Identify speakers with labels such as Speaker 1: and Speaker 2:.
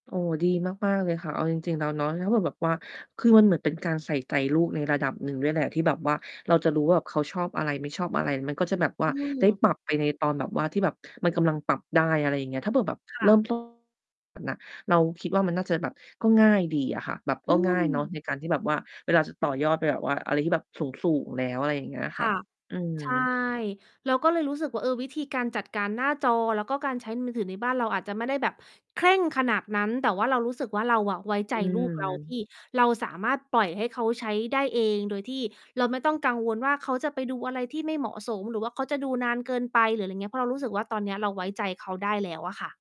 Speaker 1: โอ้ ดีมาก ๆ เลยค่ะ เอาจริง ๆ แล้วเนาะ ถ้าแบบ แบบว่า คือมันเหมือนเป็นการใส่ใจลูกในระดับหนึ่งด้วยแหละที่แบบว่า เราจะรู้ว่า เขาชอบอะไรไม่ชอบอะไร มันก็จะแบบว่
Speaker 2: อ
Speaker 1: า
Speaker 2: ื
Speaker 1: ได้
Speaker 2: ม
Speaker 1: ปรับไปในตอนแบบว่า ที่แบบมันกำลังปรับได้ อะไรอย่างเงี้ย ถ้าเผื่อแบบ
Speaker 2: ค
Speaker 1: เ
Speaker 2: ่
Speaker 1: ริ่ม
Speaker 2: ะ
Speaker 1: ต้น น่ะ เราคิดว่า มันน่าจะแบบ ก็ง่ายดีอะค่ะ แบบ
Speaker 2: อ
Speaker 1: ก
Speaker 2: ื
Speaker 1: ็ง่ายเนา
Speaker 2: ม
Speaker 1: ะในการที่แบบว่าเวลาจะต่อยอดไปแบบว่าอะไรที่แบบสูง ๆ แล้ว อะไรอย่างเงี้ยค
Speaker 2: ค
Speaker 1: ่ะ
Speaker 2: ่ะ
Speaker 1: อื
Speaker 2: ใช่
Speaker 1: ม
Speaker 2: เราก็เลยรู้สึกว่า เออ วิธีการจัดการหน้าจอ แล้วก็การใช้มือถือในบ้านเราอาจจะไม่ได้แบบเคร่งขนาดนั้น แต่ว่าเรารู้สึกว่า เราอะไว้ใจ
Speaker 1: อื
Speaker 2: ลูกเรา ท
Speaker 1: ม
Speaker 2: ี่เราสามารถปล่อยให้เขาใช้ได้เอง โดยที่เราไม่ต้องกังวลว่า เขาจะไปดูอะไรที่ไม่เหมาะสม หรือว่าเขาจะดูนานเกินไป หรืออะไรเงี้ย เพราะเรารู้สึกว่า ตอนเนี้ยเราไว้ใจเขาได้แล้วอะค่ะ